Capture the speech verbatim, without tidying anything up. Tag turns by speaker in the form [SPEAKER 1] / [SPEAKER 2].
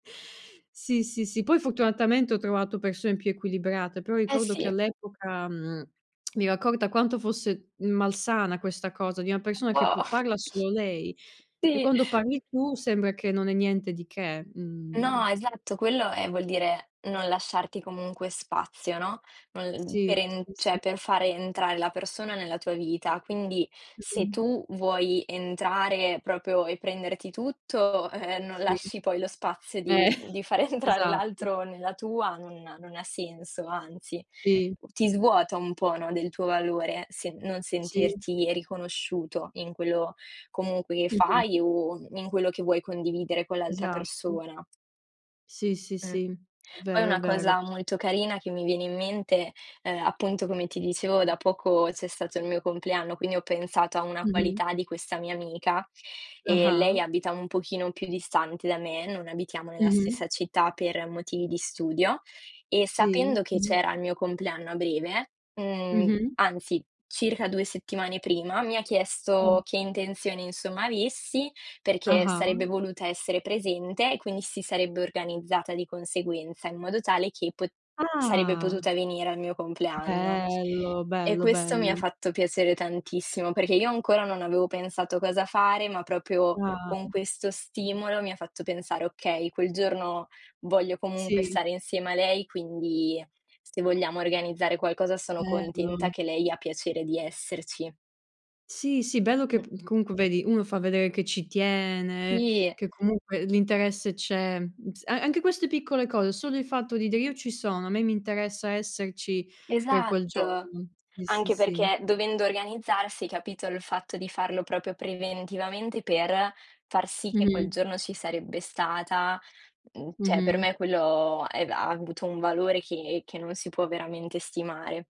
[SPEAKER 1] Sì, sì, sì, poi fortunatamente ho trovato persone più equilibrate, però
[SPEAKER 2] Eh
[SPEAKER 1] ricordo che
[SPEAKER 2] sì.
[SPEAKER 1] all'epoca, mhmm, mi ero accorta quanto fosse malsana questa cosa, di una
[SPEAKER 2] Un
[SPEAKER 1] persona che p
[SPEAKER 2] po'
[SPEAKER 1] parla solo lei e
[SPEAKER 2] Sì.
[SPEAKER 1] quando parli tu sembra che non è niente di che
[SPEAKER 2] No,
[SPEAKER 1] mhmm
[SPEAKER 2] esatto, quello, ehm, vuol dire non lasciarti comunque spazio, no? [unintelligible]
[SPEAKER 1] Sì,
[SPEAKER 2] per en
[SPEAKER 1] sì,
[SPEAKER 2] ceh
[SPEAKER 1] sì.
[SPEAKER 2] per fare entrare la persona nella tua vita. Quindi se
[SPEAKER 1] Mh-mh.
[SPEAKER 2] tu vuoi entrare proprio e prenderti tutto, eh eh, non
[SPEAKER 1] Sì.
[SPEAKER 2] lasci poi lo spazio
[SPEAKER 1] Eh
[SPEAKER 2] di di far entrare
[SPEAKER 1] esatto.
[SPEAKER 2] l'altro nella tua, non non ha senso, anzi,
[SPEAKER 1] Sì.
[SPEAKER 2] ti svuota un po', no, del tuo valore se non
[SPEAKER 1] Sì.
[SPEAKER 2] sentirti riconosciuto in quello comunque che
[SPEAKER 1] Mh-mh.
[SPEAKER 2] fai o in quello che vuoi condividere con l'altra
[SPEAKER 1] Esatto.
[SPEAKER 2] persona.
[SPEAKER 1] Sì, sì,
[SPEAKER 2] Mh.
[SPEAKER 1] sì, è
[SPEAKER 2] Poi
[SPEAKER 1] vero, è
[SPEAKER 2] una
[SPEAKER 1] vero.
[SPEAKER 2] cosa molto carina che mi viene in mente ,ehm, appunto, come ti dicevo, da poco c'è stato il mio compleanno, quindi ho pensato a una
[SPEAKER 1] Mh-mh.
[SPEAKER 2] qualità di questa mia amica e lei
[SPEAKER 1] Ah-ah.
[SPEAKER 2] abita un pochino più distante da me, non abitiamo nella
[SPEAKER 1] Mh-mh.
[SPEAKER 2] stessa città, per motivi di studio e
[SPEAKER 1] Sì,
[SPEAKER 2] sapendo che
[SPEAKER 1] mh-mh.
[SPEAKER 2] c'era il mio compleanno a breve, mhmm,
[SPEAKER 1] Mh-mh.
[SPEAKER 2] anzi circa due settimane prima, mi ha chiesto
[SPEAKER 1] Mh.
[SPEAKER 2] che intenzione insomma avessi perché
[SPEAKER 1] Ah-ah.
[SPEAKER 2] sarebbe voluta essere presente, e quindi si sarebbe organizzata di conseguenza in modo tale che pot sarebbe
[SPEAKER 1] Ah.
[SPEAKER 2] potuta venire al mio compleanno.
[SPEAKER 1] Bello,
[SPEAKER 2] E
[SPEAKER 1] bello,
[SPEAKER 2] questo mi ha
[SPEAKER 1] bello.
[SPEAKER 2] fatto piacere tantissimo, perché io ancora non avevo pensato cosa fare, ma proprio
[SPEAKER 1] Ah.
[SPEAKER 2] con questo stimolo mi ha fatto pensare: "Okay, quel giorno voglio comunque
[SPEAKER 1] Sì.
[SPEAKER 2] stare insieme a lei". Quindi se vogliamo organizzare qualcosa sono contenta
[SPEAKER 1] Bello.
[SPEAKER 2] che lei ha piacere di esserci.
[SPEAKER 1] Sì, sì, bello che
[SPEAKER 2] Mh.
[SPEAKER 1] p comunque vedi, uno fa vedere che ci tiene,
[SPEAKER 2] Sì.
[SPEAKER 1] che comunque l'interesse c'è, m s a anche queste piccole cose, solo il fatto di dire: "Io ci sono, a me mi interessa esserci per quel
[SPEAKER 2] Esatto
[SPEAKER 1] giorno". Sì, sì,
[SPEAKER 2] anche
[SPEAKER 1] sì.
[SPEAKER 2] perché dovendo organizzarsi capito, il fatto di farlo proprio preventivamente, per far sì che quel
[SPEAKER 1] Mh-mh.
[SPEAKER 2] giorno ci sarebbe stata, mhmm, cioè per
[SPEAKER 1] Mh-mh.
[SPEAKER 2] me quello è ha avuto un valore che che non si può veramente stimare.